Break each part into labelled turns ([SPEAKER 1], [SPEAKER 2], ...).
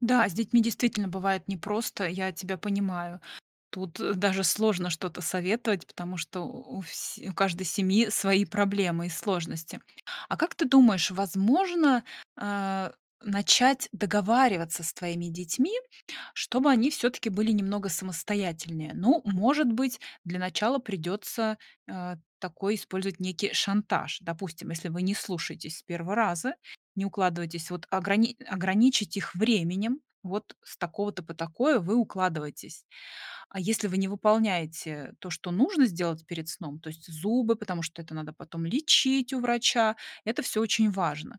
[SPEAKER 1] Да, с детьми действительно бывает непросто, я тебя понимаю. Тут, э, даже сложно что-то советовать, потому что у у всь у каждой семьи свои проблемы и сложности. А как ты думаешь, возможно, а, начать договариваться с твоими детьми, чтобы они всё-таки были немного самостоятельнее? Ну, может быть, для начала придётся, а, такой использовать некий шантаж. Допустим, если вы не слушаетесь с первого раза, не укладываетесь, вот ограни ограничить их временем. Вот с такого-то по такое вы укладываетесь, а если вы не выполняете то, что нужно сделать перед сном, то есть зубы, потому что это надо потом лечить у врача, это всё очень важно.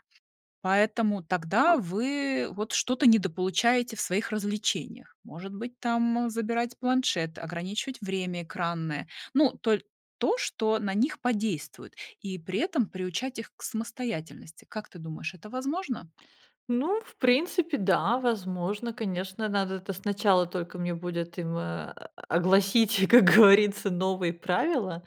[SPEAKER 1] Поэтому тогда вы вот что-то недополучаете в своих развлечениях. Может быть, там, э, забирать планшет, ограничивать время экранное. Ну, толь то, что на них подействует, и при этом приучать их к самостоятельности. Как ты думаешь, это возможно?
[SPEAKER 2] Ну, в принципе, да, возможно, конечно, надо это сначала только мне будет им, э, а, огласить, как говорится, новые правила.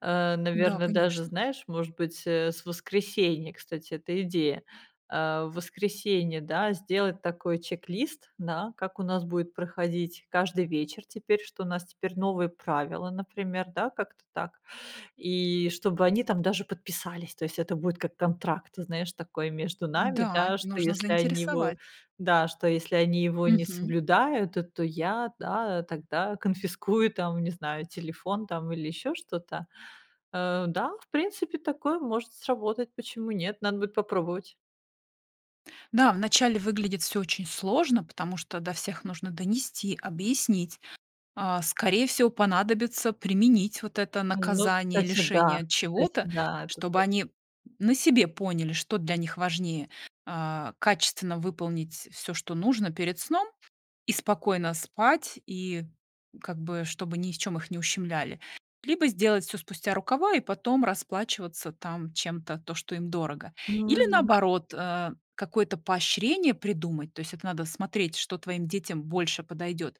[SPEAKER 2] А
[SPEAKER 1] Да,
[SPEAKER 2] наверное, даже,
[SPEAKER 1] конечно.
[SPEAKER 2] знаешь, может быть, э, с воскресенья, кстати, эта идея, а в воскресенье, да, сделать такой чек-лист, да, как у нас будет проходить каждый вечер теперь, что у нас теперь новые правила, например, да, как-то так, и чтобы они там даже подписались. То есть, это будет как контракт, знаешь, такой между нами,
[SPEAKER 1] Да,
[SPEAKER 2] да, что
[SPEAKER 1] нужно
[SPEAKER 2] если они его
[SPEAKER 1] заинтересовать.
[SPEAKER 2] да, что если они его не
[SPEAKER 1] Мгм.
[SPEAKER 2] соблюдают, то то я, да тогда конфискую, там, не знаю, телефон там или ещё что-то. Э, да, в принципе, такое может сработать. Почему нет? Надо будет попробовать.
[SPEAKER 1] Да, вначале выглядит всё очень сложно, потому что до всех нужно донести, объяснить. А, скорее всего понадобится применить вот это
[SPEAKER 2] Ну
[SPEAKER 1] наказание,
[SPEAKER 2] кстати
[SPEAKER 1] лишение
[SPEAKER 2] да
[SPEAKER 1] от
[SPEAKER 2] кстати
[SPEAKER 1] чего-то.
[SPEAKER 2] да это
[SPEAKER 1] Чтобы
[SPEAKER 2] ты
[SPEAKER 1] они, на себе поняли, что для них важнее, а, качественно выполнить всё, что нужно перед сном, и спокойно спать, и как бы чтобы ни в чём их не ущемляли. Либо сделать всё спустя рукава и потом расплачиваться там чем-то, то, что им дорого.
[SPEAKER 2] Ну
[SPEAKER 1] Или
[SPEAKER 2] да.
[SPEAKER 1] наоборот, э, какое-то поощрение придумать, то есть это надо смотреть, что твоим детям больше подойдёт.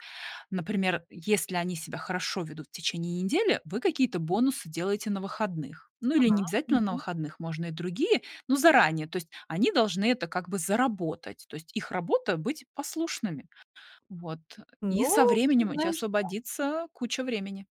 [SPEAKER 1] Например, если они себя хорошо ведут в течение недели, вы какие-то бонусы делаете на выходных. Ну, или
[SPEAKER 2] Ага.
[SPEAKER 1] не обязательно на
[SPEAKER 2] Мгм.
[SPEAKER 1] выходных, можно и другие, но заранее. То есть они должны это как бы заработать, то есть их работа быть послушными. Вот, и со
[SPEAKER 2] Но ты
[SPEAKER 1] временем у тебя
[SPEAKER 2] знаешь да.
[SPEAKER 1] освободится куча времени.